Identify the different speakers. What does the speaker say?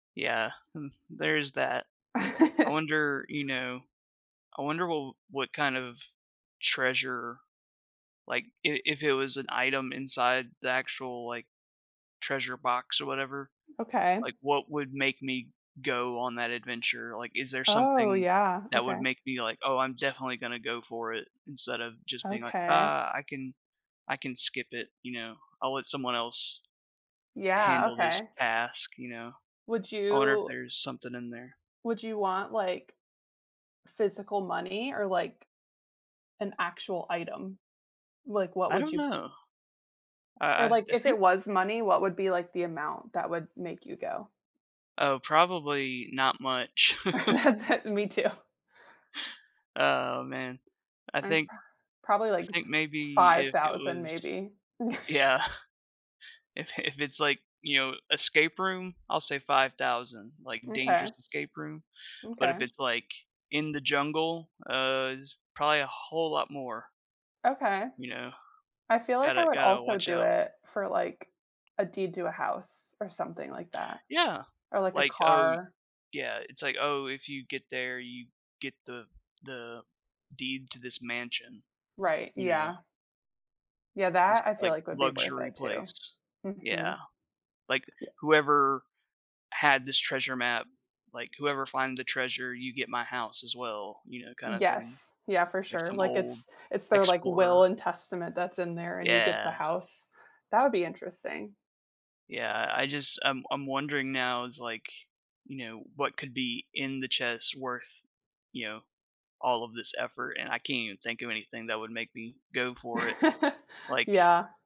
Speaker 1: Yeah, hmm, there's that. I wonder, you know I wonder wh what kind of treasure like, i if it was an item inside the actual, like, treasure box or whatever.
Speaker 2: Okay.
Speaker 1: Like, what would make me go on that adventure? Like, is there
Speaker 2: Oh,
Speaker 1: something
Speaker 2: yeah.
Speaker 1: that would
Speaker 2: Okay.
Speaker 1: make me, like, "Oh, I'm definitely gonna go for it," instead of just being like,
Speaker 2: Okay.
Speaker 1: "Ah, I can I can skip it," you know? "I'll let someone else
Speaker 2: Yeah,
Speaker 1: handle this
Speaker 2: okay.
Speaker 1: task," you know?
Speaker 2: Would
Speaker 1: I wonder if
Speaker 2: you
Speaker 1: there's something in there.
Speaker 2: Would you want, like, physical money, or, like, an actual item? Like, what
Speaker 1: I
Speaker 2: would
Speaker 1: don't
Speaker 2: you
Speaker 1: know. I I
Speaker 2: Or, like,
Speaker 1: I
Speaker 2: if it
Speaker 1: think
Speaker 2: was money, what would be, like, the amount that would make you go?
Speaker 1: Oh, probably not much.
Speaker 2: That's it, me too.
Speaker 1: Oh, man. I
Speaker 2: Mine's
Speaker 1: think
Speaker 2: pro probably,
Speaker 1: I
Speaker 2: like,
Speaker 1: think
Speaker 2: f
Speaker 1: maybe
Speaker 2: five
Speaker 1: if it
Speaker 2: thousand,
Speaker 1: was
Speaker 2: maybe.
Speaker 1: Yeah, if i if it's, like, you know, escape room, I'll say 5,000. Like, dangerous
Speaker 2: M'kay.
Speaker 1: escape room, but if
Speaker 2: M'kay.
Speaker 1: it's, like, in the jungle, uh, it's probably a whole lot more.
Speaker 2: Okay.
Speaker 1: You know?
Speaker 2: I feel like I
Speaker 1: Gotta
Speaker 2: would
Speaker 1: gotta
Speaker 2: also
Speaker 1: watch
Speaker 2: do
Speaker 1: out.
Speaker 2: it for, like, a deed to a house, or something like that,
Speaker 1: Yeah.
Speaker 2: or, like, a
Speaker 1: Like, "Oh y"
Speaker 2: car.
Speaker 1: Yeah, it's like, "Oh, if you get there, you get the the deed to this mansion."
Speaker 2: Right,
Speaker 1: You know?
Speaker 2: yeah. Yeah,
Speaker 1: This,
Speaker 2: that, I feel
Speaker 1: like,
Speaker 2: like would be worth
Speaker 1: luxury
Speaker 2: it, too.
Speaker 1: place. Yeah.
Speaker 2: Mhm.
Speaker 1: Like,
Speaker 2: Yeah.
Speaker 1: "Whoever had this treasure map" like, "whoever find the treasure, you get my house as well," you know, kinda thing.
Speaker 2: Yes. Yeah, for
Speaker 1: Like,
Speaker 2: sure,
Speaker 1: some
Speaker 2: like,
Speaker 1: old
Speaker 2: it's it's their, like,
Speaker 1: explorer.
Speaker 2: will and testament that's in there, and you get the
Speaker 1: Yeah.
Speaker 2: house. That would be interesting.
Speaker 1: Yeah, I just I'm I'm wondering now, it's, like, you know, what could be in the chest worth, you know, all of this effort, and I can't even think of anything that would make me go for it. Like
Speaker 2: Yeah.